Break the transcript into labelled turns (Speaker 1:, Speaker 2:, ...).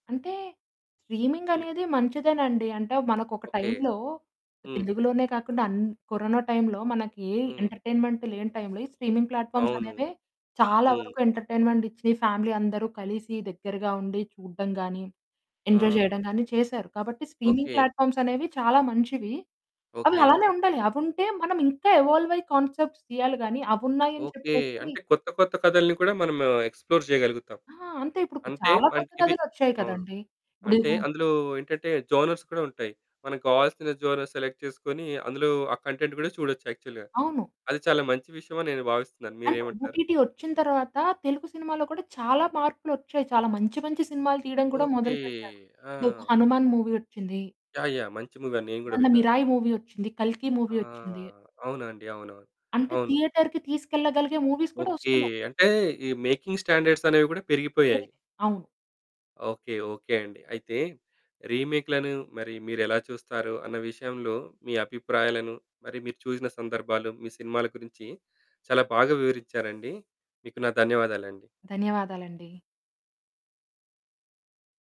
Speaker 1: అంటే స్ట్రీమింగ్
Speaker 2: హ్మ్.
Speaker 1: అనేది మంచిదేనండి. అంటే మనకొక
Speaker 2: ఓకే,
Speaker 1: టైంలో
Speaker 2: హ్మ్.
Speaker 1: తెలుగులోనే కాకుండా అన్ కరోనా టైంలో మనకి
Speaker 2: హ్మ్.
Speaker 1: ఎంటర్‌టైన్‌మెంట్ లేని టైంలో ఈ స్ట్రీమింగ్ ప్లాట్ఫామ్స్
Speaker 2: అవును.
Speaker 1: అనేవే చాలా
Speaker 2: హ్మ్.
Speaker 1: వరకు ఎంటర్‌టైన్‌మెంట్ ఇచ్చి ఫ్యామిలీ అందరు కలిసి దగ్గరగా ఉండి చూడడం గానీ, ఎంజాయ్
Speaker 2: ఆహా!
Speaker 1: చేయడం గానీ
Speaker 2: ఆ!
Speaker 1: చేశారు. కాబట్టి స్ట్రీమింగ్
Speaker 2: ఓకే.
Speaker 1: ప్లాట్ఫామ్స్ అనేవి చాలా మంచివి. అవి
Speaker 2: ఓకే.
Speaker 1: అలానే ఉండాలి. అవుంటే మనం ఇంక ఎవాల్వ్ అయి కాన్సెప్ట్స్ తీయాలి గానీ అవి ఉన్నాయని
Speaker 2: ఓకే.
Speaker 1: చెప్పేసి
Speaker 2: అంటే కొత్త కొత్త కథల్ని కూడా మనం ఎక్స్‌ప్లోర్ చేయగలుగుతాం.
Speaker 1: ఆ! అంతే ఇప్పుడుకు
Speaker 2: అంటే
Speaker 1: చాలా కొత్త
Speaker 2: మనకివీ
Speaker 1: కథలోచ్చాయి
Speaker 2: అవును.
Speaker 1: కదండీ. ఇప్పుడి
Speaker 2: అంటే
Speaker 1: హు
Speaker 2: అందులో ఏంటంటే జోనర్స్ కూడా ఉంటాయి. మనకు కావాల్సిన జోనర్స్ సెలెక్ట్ చేసుకొని, అందులో ఆ కంటెంట్ కూడా చూడొచ్చు యాక్చువల్‌గా.
Speaker 1: అవును.
Speaker 2: అది చాలా మంచి విషయమని నేను భావిస్తున్నాను.
Speaker 1: అండ్
Speaker 2: మీరేమంటారు?
Speaker 1: ఓటీటీ ఓచ్చిన తర్వాత తెలుగు సినిమాల్లో కూడా చాలా మార్పులొచ్చాయి. చాలా మంచి మంచి సినిమాలు తీయడం కూడా
Speaker 2: ఓకే.
Speaker 1: మొదలుపెట్టారు. దేకో
Speaker 2: ఆ!
Speaker 1: 'హనుమాన్' మూవీ ఓచ్చింది.
Speaker 2: యాహ్! యాహ్! మంచి మూవీ అని నేను కూడా
Speaker 1: మొన్న
Speaker 2: విన్నాను.
Speaker 1: 'మిరాయి' మూవీ వచ్చింది. 'కల్కి'
Speaker 2: ఆ!
Speaker 1: మూవీ వచ్చింది.
Speaker 2: అవునండి. అవునవును.
Speaker 1: అంటే
Speaker 2: అవును.
Speaker 1: థియేటర్‌కి తీసుకెళ్లగలిగే మూవీస్ కూడా
Speaker 2: ఓకే.
Speaker 1: ఓస్తున్నాయి.
Speaker 2: అంటే ఈ మేకింగ్ స్టాండర్డ్స్ అనేవి కూడా పెరిగిపోయాయి.
Speaker 1: పెరిగాయి. అవును.
Speaker 2: ఓకే, ఓకే అండి. అయితే రీమేక్‌లను మరి మీరేలా చూస్తారో అన్న విషయంలో మీ అభిప్రాయాలను, మరి మీరు చూసిన సందర్భాలు, మీ సినిమాల గురించి చాలా బాగా వివరించారండి. మీకు నా ధన్యవాదాలండి.
Speaker 1: ధన్యవాదాలండి.